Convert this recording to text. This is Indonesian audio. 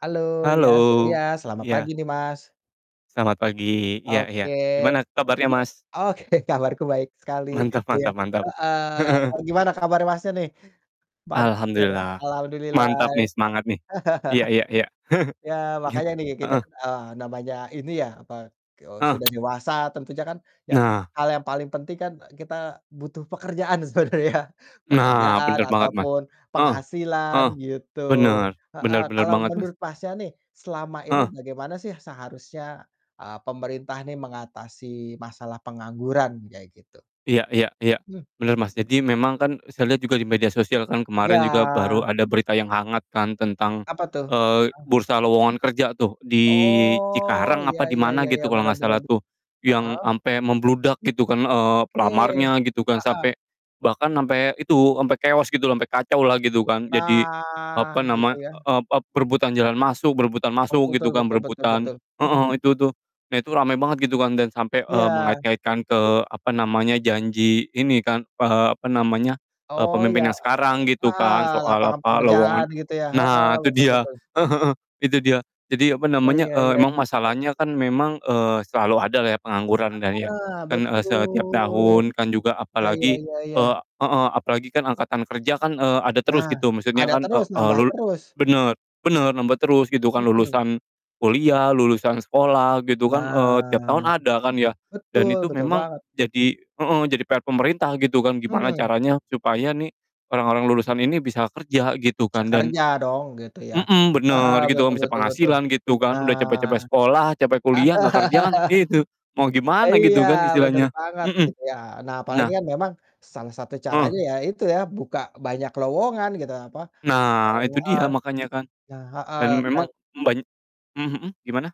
Halo, iya s iya, Halo, selamat pagi iya. nih, Mas. Selamat pagi, iya iya. Oke. Gimana kabarnya, Mas? Oke kabarku baik sekali Mantap gitu ya. mantap mantap. Heeh, [unintelligible] gimana kabarnya Masnya nih? Mantap, oke deh, Alhamdulillah. alhamdulillah Mantap nih ya. semangat nih. Iya iya iya. Ya Gi makanya nih kita heeh. kan, eee, namanya ini ya apa, eee, Heeh. sudah dewasa tentunya kan yap Nah. hal yang paling penting kan, eee, kita butuh pekerjaan sebenarnya. Nah, Pekerjaan bener banget, Mas. ataupun Heeh heeh. penghasilan gitu. Bener, bener Heeh, bener kalau banget, Mas. menurut Masnya nih selama ini Heeh. bagaimana sih seharusnya, eee, pemerintah ini mengatasi masalah pengangguran kayak gitu? Iya iya iya bener, Mas. Jadi memang kan saya lihat juga di media sosial kan kemarin juga Ya. baru ada berita yang hangat kan tentang, Apa tuh? eee, Mhm. bursa lowongan kerja tuh di Oh, Cikarang apa ya di ya ya mana ya, gitu kalau benar nggak benar salah b tuh, yang heeh. sampai membludak gitu kan, eee, Oke. pelamarnya gitu kan Heeh. sampai bahkan sampai itu, sampai keos gitulah, sampai kacaulah gitu kan. Jadi apa Nah, gitu nama, ya? ep ep berebutan jalan masuk, berebutan Oh, masuk tul gitu tul, kan, betul betul berebutan betul. heeh, Mhm. itu tuh, nah, itu ramai banget gitu kan dan sampai, eee, Iya. mengait-ngaitkan ke apa namanya, janji ini kan, eee, apa namanya, eee, Oh, ya. pemimpin yang Eee, sekarang gitu kan heeh, soal lapangan apa, lowongan pekerjaan gitu ya. Heeh, nah, itu betul dia, betul. heeh heeh, itu dia. Jadi apa Ya namanya, ya eee, ya. emang Ya. masalahnya kan memang, eee, selalu adalah ya pengangguran dan iya, Heeh dan, eee, setiap betul. tahun kan juga Ya ya apalagi, ya ya. eee heeh, apalagi kan angkatan kerja kan, eee, ada terus Nah, gitu maksudnya ada kan, eee terus eee, nambah lul terus. bener bener nambah terus gitu kan Mhm. lulusan kuliah, lulusan sekolah gitu kan, eee, tiap Nah, tahun ada kan ya. Dan betul itu betul memang banget. jadi heeh, jadi PR pemerintah gitu kan gimana Mmm. caranya supaya nih orang-orang lulusan ini bisa kerja gitu Bisa kan dan kerja dong gitu ya. mhm, Heeh, bener gitu betul bisa betul betul. penghasilan gitu kan. Udah Nah, capek-capek ada. sekolah, capek kuliah nggak kerja kan itu, mau gimana Iya, gitu kan bener istilahnya. banget Mhm. gitu ya. Nah, apalagi Nah kan memang salah satu Heeh. caranya ya, itu ya, buka banyak lowongan gitu apa, mau Nah, itu heeh, dia makanya kan nah, heeh, dan memang, dan eee, ban mmm, mhm, gimana?